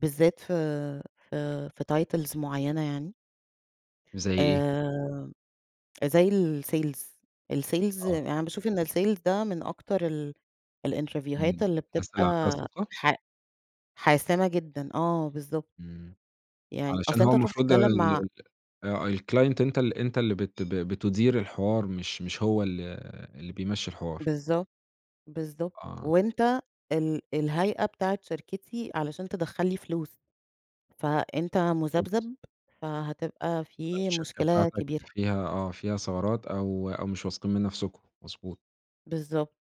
بالذات في آآ، في titles معيّنة يعني. زي إيه؟ آآ زي الsales الsales آه. يعني باشوف إن الsales ده من أكتر ال الإنترڤيوهات امم، اللي بتبقى أسأل على [unintelligible] حا حاسمة جدًا، آه بالضبط. امم، يعني علشان أصل هو أنت تروح المفروض ال تتكلم مع ال آآ، الclient أنت ال أنت اللي بت بتدير الحوار مش مش هو ال اللي بيمشّي الحوار. بالضبط، بالضبط آه. وأنت ال الهيئة بتاعة شركتي، علشان تدخّل لي فلوس، فأنت [unintelligible] مُذبذب، فهتبقى في الشركة مشكلة بتاعتك كبيرة. فيها آه، فيها ثغرات أو أو مش واثقين من نفسكم، مضبوط. بالضبط،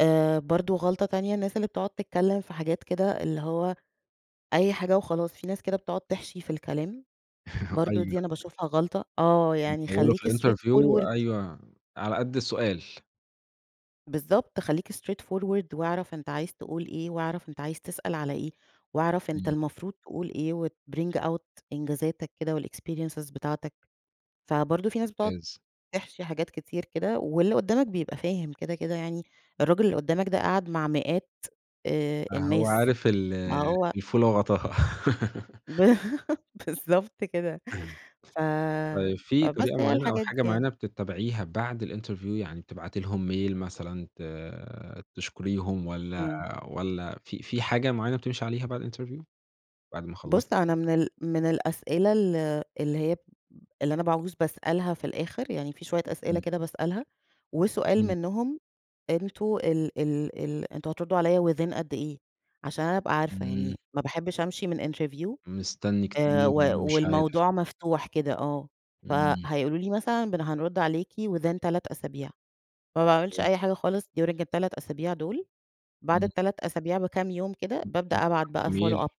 آآ، برضه غلطة تانية، الناس اللي بتقعد تتكلّم في حاجات كده اللي هو، أي حاجة وخلاص في ناس كده بتقعد تحشي في الكلام، برضه أيوه. دي أنا باشوفها غلطة، آه يعني بيطوِّلوا في خلّيك straight الinterview forward. أيوه، على قد السؤال. بالضبط، خلّيك straight forward واعرف أنت عايز تقول إيه، واعرف أنت عايز تسأل على إيه، واعرف أنت امم. المفروض تقول إيه وتbring out إنجازاتك كده والexperiences بتاعتك، فبرضه في ناس بتقعد ممتاز. تحشي حاجات كتير كده واللي قدّامك بيبقى فاهم كده، كده يعني، الراجل اللي قدّامك ده قاعد مع مئات، آآ آه، هو الناس، عارف ال ما هو الفولة وغطاها. ب بالضبط كده، ف طيب، في فبس طريقة هي معيّنة أو الحاجات دي حاجة يعني. معيّنة بتتبعيها بعد الinterview يعني بتبعتي لهم mail مثلًا ت آآ، تشكريهم والَّا امم. والَّا في في حاجة معيّنة بتمشي عليها بعد الinterview بعد ما خلصتِ؟ بُصّ، أنا من ال من الأسئلة ال اللي هي، ب اللي أنا باعوز باسألها في الآخر، يعني في شويّة أسئلة امم. كده باسألها، وسؤال إمم. منهم، أنتم ال ال ال أنتم هتردوا عليَّ within قد إيه، عشان أنا أبقى عارفة، امم. يعني ما باحبش أمشي من interview مستني آآ، كتير، و وأنا مش عارف. والموضوع مفتوح كده آه، امم. فهيقولوا لي مثلًا بن هنرُد عليكِ within 3 أسابيع، ما باعملش ممتاز. أي حاجة خالص during ال3 أسابيع دول، بعد امم. ال3 أسابيع بكام يوم كده، [unintelligible] بابدأ أبعت بتبعتي بقى follow up. .mail